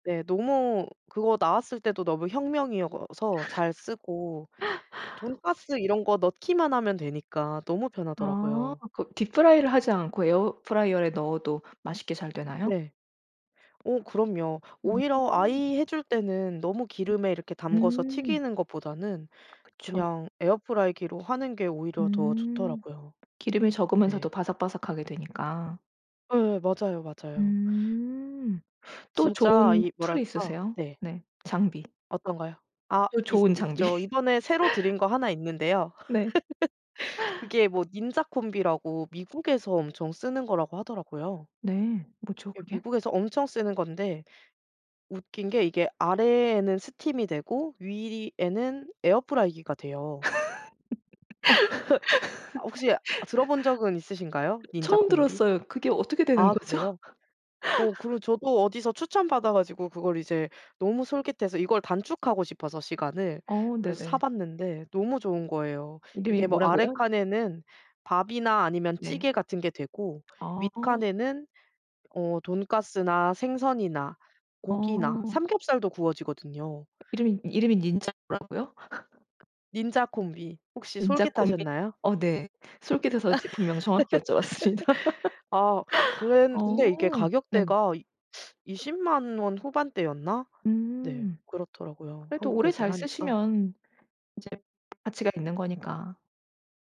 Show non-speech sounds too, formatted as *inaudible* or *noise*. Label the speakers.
Speaker 1: 네. 너무 그거 나왔을 때도 너무 혁명이어서 잘 쓰고
Speaker 2: *laughs*
Speaker 1: 돈까스 이런 거 넣기만 하면 되니까 너무
Speaker 2: 아.
Speaker 1: 편하더라고요.
Speaker 2: 그 Deep Fry를 하지 않고 에어프라이어에 넣어도 맛있게 잘 되나요?
Speaker 1: 네. 어 그럼요.
Speaker 2: 음.
Speaker 1: 오히려 아이 해 줄 때는 너무 기름에 이렇게 담가서
Speaker 2: 음.
Speaker 1: 튀기는 것보다는
Speaker 2: 그쵸.
Speaker 1: 그냥 에어프라이기로 하는 게 오히려 더
Speaker 2: 음.
Speaker 1: 좋더라고요.
Speaker 2: 기름이 적으면서도
Speaker 1: 네.
Speaker 2: 바삭바삭하게 되니까.
Speaker 1: 예예. 맞아요, 맞아요.
Speaker 2: 음. 또
Speaker 1: 진짜
Speaker 2: 좋은
Speaker 1: 이
Speaker 2: 툴이
Speaker 1: 뭐랄까
Speaker 2: 있으세요?
Speaker 1: 네.
Speaker 2: 네. 장비.
Speaker 1: 어떤 거요? 아
Speaker 2: 또
Speaker 1: 있
Speaker 2: 좋은 장비.
Speaker 1: 있죠. 이번에 새로 들인 거 하나 있는데요.
Speaker 2: 네.
Speaker 1: *laughs* 그게 뭐 Ninja Combi라고 미국에서 엄청 쓰는 거라고 하더라고요.
Speaker 2: 네. 뭐죠
Speaker 1: 예
Speaker 2: 그게?
Speaker 1: 미국에서 엄청 쓰는 건데 웃긴 게 이게 아래에는 스팀이 되고 위에는 에어프라이기가
Speaker 2: *laughs*
Speaker 1: 돼요.
Speaker 2: 그
Speaker 1: *laughs* 혹시 들어본 적은 있으신가요? Ninja
Speaker 2: 처음
Speaker 1: Combi?
Speaker 2: 들었어요. 그게 어떻게 되는
Speaker 1: 아
Speaker 2: 거죠?
Speaker 1: 그래요? 어 그리고
Speaker 2: *laughs*
Speaker 1: 저도 어디서 추천받아 가지고 그걸 이제 너무 솔깃해서 이걸 단축하고 싶어서 시간을
Speaker 2: 어.
Speaker 1: 그래서
Speaker 2: 네네.
Speaker 1: 사봤는데 너무 좋은 거예요.
Speaker 2: 이름이
Speaker 1: 그게 뭐 아래
Speaker 2: 뭐라고요?
Speaker 1: 칸에는 밥이나 아니면
Speaker 2: 네.
Speaker 1: 찌개 같은 게 되고
Speaker 2: 아.
Speaker 1: 윗칸에는 어 돈까스나 생선이나 고기나
Speaker 2: 어.
Speaker 1: 삼겹살도 구워지거든요.
Speaker 2: 이름이, 이름이 Ninja라고요? *laughs*
Speaker 1: Ninja Combi. 혹시
Speaker 2: Ninja Combi.
Speaker 1: 솔깃하셨나요?
Speaker 2: 어 네. 솔깃해서 제품명 정확히 여쭤봤습니다.
Speaker 1: *laughs* 아.
Speaker 2: *laughs*
Speaker 1: 그랜 근데 이게
Speaker 2: 어. 네.
Speaker 1: 가격대가 200,000 원 후반대였나? 네.
Speaker 2: 음.
Speaker 1: 그렇더라고요.
Speaker 2: 그래도 오래
Speaker 1: 한국에서
Speaker 2: 잘
Speaker 1: 사니까.
Speaker 2: 쓰시면 인제 가치가 있는 거니까.